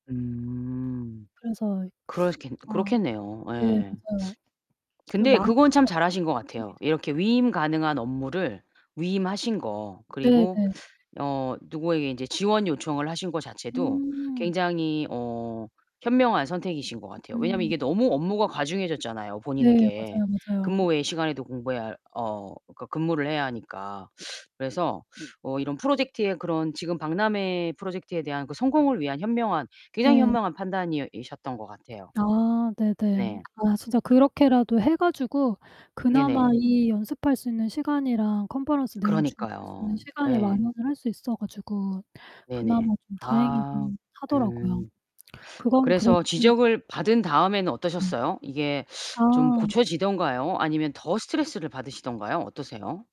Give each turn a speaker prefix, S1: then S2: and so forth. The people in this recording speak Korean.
S1: 음
S2: 그래서
S1: 그렇시겠
S2: 아.
S1: 그렇겠네요.
S2: 네
S1: 예.
S2: 그죠. 그
S1: 근데 그건 참
S2: 망칠까봐
S1: 잘하신 것
S2: 약간 걱정이
S1: 같아요.
S2: 돼
S1: 이렇게 위임 가능한 업무를 위임하신 거,
S2: 네
S1: 그리고
S2: 네.
S1: 어 누구에게 이제 지원 요청을 하신 거 자체도
S2: 음.
S1: 굉장히 어 현명한 선택이신 것 같아요. 왜냐면
S2: 음.
S1: 이게 너무 업무가 과중해졌잖아요,
S2: 네
S1: 본인에게.
S2: 맞아요,
S1: 근무
S2: 맞아요.
S1: 외 시간에도 공부해야할 어 그러니까 근무를 해야 하니까. 그래서 어 이런 프로젝트에 그런 지금 박람회 프로젝트에 대한 그 성공을 위한 현명한 굉장히
S2: 네.
S1: 현명한 판단이 이셨던 것 같아요.
S2: 아 네네.
S1: 네.
S2: 아 진짜 그렇게라도 해 가지고 그나마
S1: 네네.
S2: 이 연습할 수 있는 시간이랑 컨퍼런스 내용 준비할 수 있는
S1: 그러니까요.
S2: 시간을
S1: 예.
S2: 마련을 할 수 있어 가지고
S1: 네네.
S2: 그나마 좀
S1: 아.
S2: 다행이긴 하더라고요.
S1: 음.
S2: 그건 그래도
S1: 그래서
S2: 좀 잘
S1: 지적을 받은 다음에는
S2: 음.
S1: 어떠셨어요? 이게 좀
S2: 아.
S1: 고쳐지던가요 아니면 더 스트레스를 받으시던가요? 어떠세요?